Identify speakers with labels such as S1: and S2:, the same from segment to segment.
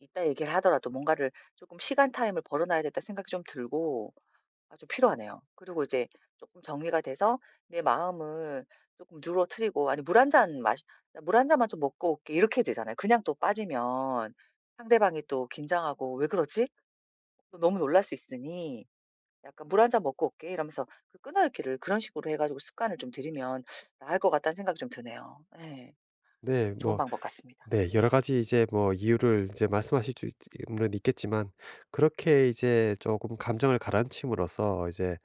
S1: 이따 얘기를 하더라도 뭔가를 쪼끔 시간 타임을 벌어놔야겠다 생각 좀 들고 아 좀 필요하네요. 그리고 이제 쪼끔 정리가 돼서 내 마음을 쪼끔 누그러뜨리고 아니 물 1 잔 마시 "나 물 1 잔만 좀 먹고 올게." 이렇게 되잖아요. 그냥 또 빠지면 상대방이 또 긴장하고 '왜 그러지?' 너무 놀랄 수 있으니 약간 "물 1 잔 먹고 올게." 이러면서 그 끊어 읽기를 그런 식으로 해 가지고 습관을 좀 들이면 나을 것 같다는 생각이 좀 드네요. 예.
S2: 네.
S1: 좀 좋은
S2: 뭐
S1: 방법 같습니다.
S2: 네 여러 가지 이제 뭐 이유를 이제 말씀하실 쭈 있쯔 있는 있겠지만 그렇게 이제 쪼금 감정을 가라앉힘으로써 이제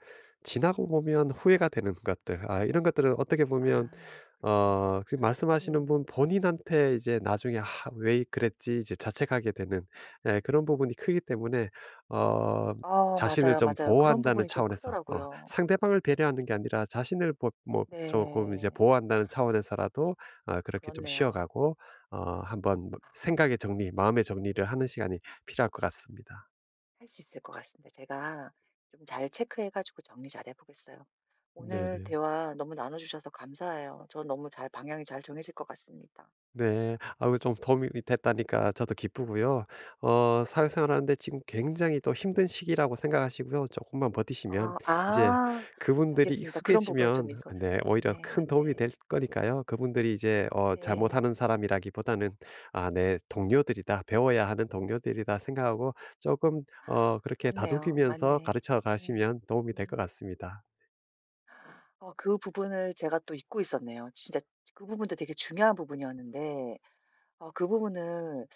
S2: 지나고 보면 후회가 되는 것들 아 이런 것들은 어떻게 보면
S1: 아 그쵸.
S2: 어 지금
S1: 맞아.
S2: 말씀하시는
S1: 음
S2: 분 본인한테 이제 나중에 '하. 왜 그랬지.' 이제 자책하게 되는 예 그런 부분이 크기 때문에 어
S1: 어.
S2: 자신을
S1: 맞아요.
S2: 좀
S1: 맞아요. 그런
S2: 보호한다는
S1: 부분이 좀
S2: 차원에서 어
S1: 크더라고요.
S2: 상대방을 배려하는 게 아니라 자신을 보 뭐 쪼끔 이제
S1: 네.
S2: 보호한다는 차원에서라도 아 그렇게 좀 쉬어
S1: 그렇네요.
S2: 가고 어 한번 뭐 생각의 정리, 마음의 정리를 하는 시간이 필요할 것 같습니다.
S1: 할 수 있을 것 같습니다. 제가 좀 잘 체크해 가지고 정리 잘 해 보겠어요.
S2: 네
S1: 오늘
S2: 네.
S1: 대화 너무 나눠주셔서 감사해요. 저 너무 잘 방향이 잘 정해질 것 같습니다.
S2: 네. 아 그 좀 도움이 이 됐다니까 저도 기쁘고요. 어 사회생활하는데 지금 굉장히 또 힘든 시기라고 생각하시고요. 쪼끔만 버티시면
S1: 어
S2: 이제
S1: 아.
S2: 그분들이
S1: 알겠습니다. 그런 부분을 좀
S2: 익숙해지면
S1: 읽어서
S2: 네 오히려
S1: 맞네,
S2: 큰 도움이
S1: 맞네.
S2: 될 거니까요. 그분들이 이제 어 잘 못
S1: 네.
S2: 하는 사람이라기보다는 '아 내 동료들이다. 배워야 하는 동료들이다.' 생각하고 쪼금 어 그렇게
S1: 그렇네요.
S2: 다독이면서
S1: 맞네.
S2: 가르쳐
S1: [unintelligible]
S2: 가시면 도움이 될 것
S1: 음.
S2: 같습니다.
S1: 어 그 부분을 제가 또 잊고 있었네요. 진짜 그 부분도 되게 중요한 부분이었는데 어 그 부분을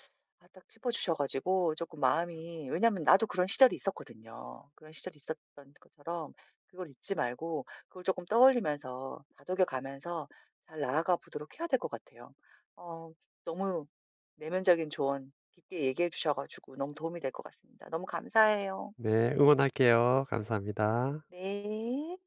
S1: 아 딱 짚어 주셔 가지고 쪼끔 마음이 왜냐하면 나도 그런 시절이 있었거든요. 그런 시절이 있었던 것처럼 그걸 잊지 말고 그걸 쪼끔 떠올리면서 다독여 가면서 잘 나아가 보도록 해야 될 것 같아요. 어 너무 내면적인 조언 깊게 얘기해 주셔 가지고 너무 도움이 될 것 같습니다. 너무 감사해요.
S2: 네. 응원할게요. 감사합니다.
S1: 네.